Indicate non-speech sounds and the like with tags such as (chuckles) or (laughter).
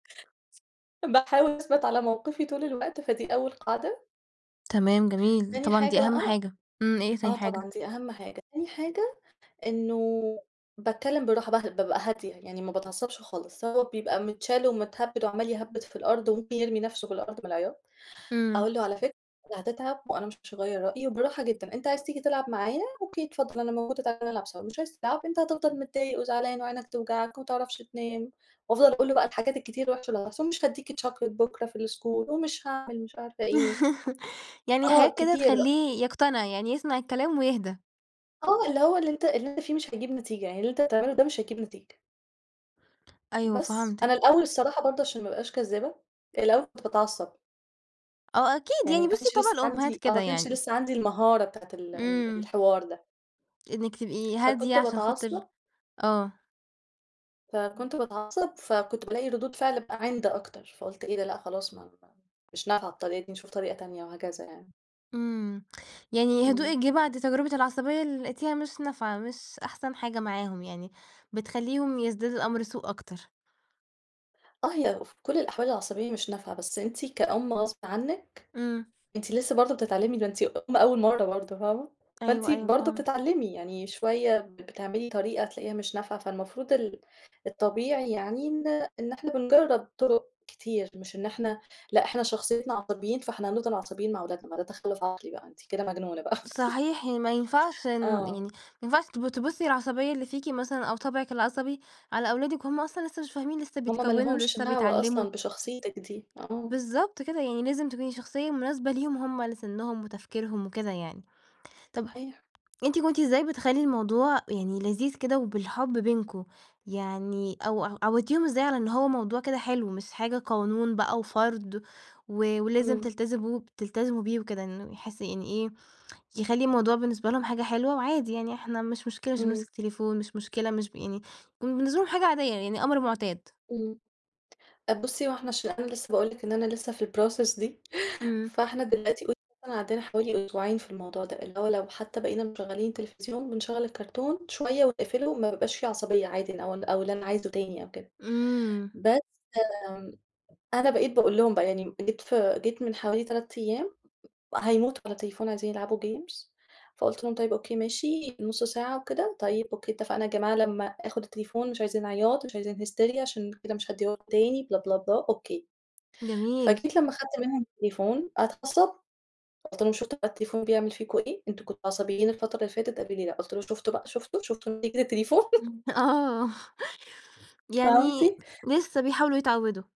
باحاول أثبت على موقفي طول الوقت، فدي أول قاعدة. تمام، جميل، تاني طبعًا دي حاجة أهم بقى حاجة. إمم، إيه هي تاني آه، حاجة؟ طبعًا دي أهم حاجة. تاني حاجة إنه بتكلم بالراحة باهدى بابقى هادية يعني ما باتعصبش خالص، هو بيبقى متشال ومتهبّد وعمال يهبّد في الأرض وممكن يرمي نَفْسه في الأرض من العياط، إمم. أقول له على فكرة هتتعب وأنا مش هغيّر رأيي وبالراحة جدًا أنت عايز تيجي تلعب معايا؟ أوكي اتفضل أنا موجودة تعالَ نلعب مش عايز تلعب؟ أنت هتفضل متضايق وزعلان وعينك هتوجعك، وما تعرفش تنام، وأفضل أقول له بقى الحاجات الكتير الوحشة اللي هتحصل مش هادّيك chocolate بكرا في الschool ومش هاعمل مش عارفة إيه. (laughs) يعني آه، حاجات كده كتير بقى. تخلّيه يقتنع يعني، يسمع الكلام ويهدا. آه، اللي هو اللي أنت اللي أنت فيه مش هيجيب نتيجة، يعني اللي أنت تعمله ده مش هيجيب نتيجة. أيوه، بس، فهمتِك. أنا الأول الصراحة برضه عشان ما أبقاش كذابة، الأول كنت باتعصب آه أكيد، يعني ما يعني بُصّي كانش طبع لسه الأمهات عندي آه، ما كده كانش يعني. لسه عندي المهارة بتاعة ال ال إمم. الحوار ده. إنِّك تبقي هادية فكنت عشان باتعصب خاطر آه. إمم. فكنت باتعصب، فكنت بالاقي ردود فعل بقى عِند أكتر فقُلت إيه ده؟ لأ خلاص ما ما مش نافعة الطريقة دي نشوف طريقة تانية وهكذا يعني. إمم. يعني يا إمم. هدوئِك جِه بعد تجربة العصبية اللي لقيتيها مش نافعة، مش أحسن حاجة معاهم يعني، بتخلّيهم يزداد الأمر سوء أكتر. آه، هي في كل الأحوال العصبية مش نافعة، بس أنتِ كأم غصب عنِّك إمم. أنتِ لسه برضه بتتعلمي ده أنتِ أم أول مرّة برضه فاهمة؟ فأنتِ أيوه، أيوه، برضه فهمتِك. بتتعلمي يعني شوية بتعملي طريقة تلاقيها مش نافعة، فالمفروض ال الطبيعي يعني إن إن إحنا بنجرّب طُرق كتير مش إن إحنا لأ، إحنا شخصيتنا عصبيين فإحنا هنفضل عصبيين مع ولادنا ما ده تخلّف عقلي بقى أنتِ كده مجنونة بقى. (laughs) صحيح، ي ما ينفعش إن آه. يعني، ما ينفعش تب تبُصّي العصبية اللي فيكِ مثلًا أو طبعِك العصبي على أولادِك وهُم أصلًا لسه مش فاهمين، لسه هُم ما بيتكوّنوا، لهمش لسه دعوة بيتعلموا. أصلًا بشخصيتِك دي، آه. بالضبط كده، يعني لازم تكوني شخصية مناسبة ليهم هُم على سنّهم وتفكيرهم وكده يعني، طَب صحيح. أنتِ كنتِ إزاي بتخلّي الموضوع يعني لذيذ كده وبالحب بينكم؟ يعني أو ع عودتيهم إزاي على إن هو موضوع كده حلو، مش حاجة قانون بقى وفرض و ولازم إمم. تلتزبوا ب تلتزموا بيه وكده إنه يحس يعني إيه يخلّي الموضوع بالنسبة لهم حاجة حلوة وعادي يعني إحنا مش مشكلة مش إمم. بنمسك تليفون مش مشكلة مش ب يعني وبالنسبة لهم حاجة عادية، يعني أمر مُعتاد؟ إمم. أ بُصّي هو احنا عشان أنا لسه باقول لِك إن أنا لسه في الprocess دي، (chuckles) إمم. فإحنا دلوقتي يعتبر عدّيتا حوالي أسبوعين في الموضوع ده اللي هو لو حتى بقينا مشغّلين التلفزيون بنشغّل الكؤتون شوية ونقفله ما بيبقاش في عصبية عادي ن أو ال أو اللي أنا عايزه تاني أو كده إمم. بس م أنا بقيت باقول لهم بقى يعني م جيت ف جيت من حوالي 3 أيام هيموتوا على التليفون عايزين يلعبوا games فقُلت لهم طيب أوكي ماشي نُص ساعة وكده طيب أوكي اتفقنا يا جماعة لمّا آخُد التليفون مش عايزين عياط مش عايزين hysteria عشان كده مش هادّيه لكم تاني بلا، بلا، بلا أوكي جميل. فجيت لمّا خدت منهم التليفون اتعصبوا قُلت لهم شُفتوا بقى التليفون بيعمل فيكم إيه؟ أنتم كنتوا عصبيين الفترة اللي فاتت قالوا لي لأ. قُلت لهم شُفتوا بقى، شُفتوا، شُفتوا نتيجة التليفون؟ (laughs) إمم. آه. فهمتِ؟ يعني لسه بيحاولوا يتعوّدوا.